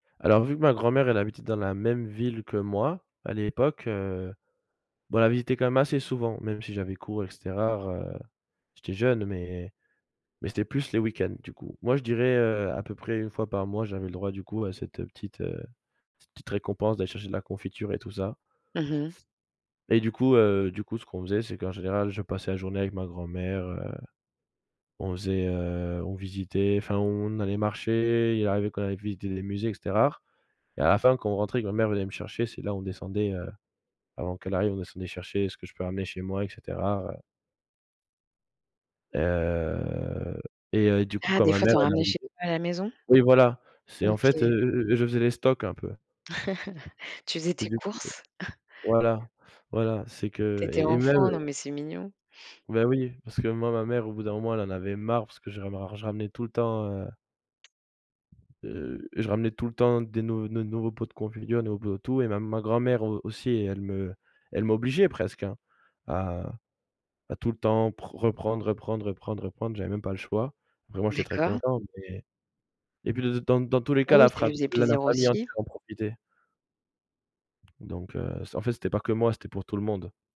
Alors, vu que ma grand-mère elle habitait dans la même ville que moi, à l'époque, heu, bah, on la visitait quand même assez souvent, même si j'avais cours et cetera, heu, j'étais jeune, mais mais c'était plus les week-ends, du coup. Moi, je dirais, heu, à peu près 1 fois par mois, j'avais le droit du coup, à cette, heu, petite, heu, cette petite récompense d'aller chercher de la confiture et tout ça. Mmh mh. Et du coup, heu, du coup, ce qu'on faisait, c'est qu'en général, je passais la journée avec ma grand-mère, heu, on faisait, heu, on visitait, enfin, on allait marcher, il arrivait qu'on aille visiter des musées et cetera, et à la fin quand on rentrait, quand ma mère venait me chercher, c'est là où on descendait, heu, avant qu'elle arrive, on descendait chercher ce que je peux ramener chez moi et cetera, heu. Heu, et heu, et du coup, Ah, quand des ma fois, mère tu en elle ramenais arrivait chez toi à la maison? oui, voilà, c'est en fait, heu, OK. heu, heu, je faisais les stocks un peu. Tu faisais Et tes du coup courses? voilà, voilà, c'est Tu que étais et et même enfant? Non, mais c'est mignon. Beh, oui, parce que moi, ma mère au bout d'un moment elle en avait marre parce que je ramer je ramenais tout le temps, heu heu, je ramenais tout le temps des nou ne nouveaux pots de confiture, ne nou no et tout, et ma ma grand-mère au aussi elle me elle m'obligeait, presque, hein, à à tout le temps pr reprendre, reprendre, reprendre, reprendre, j'avais même pas le choix, vraiment j'étais très D'accord. content mais et puis, d d dans dans tous les Ah cas, oui, la ça lui frap faisait la la plaisir famille aussi. entière en profitait. Donc heu, c en fait, c'était pas que moi, c'était pour tout le monde.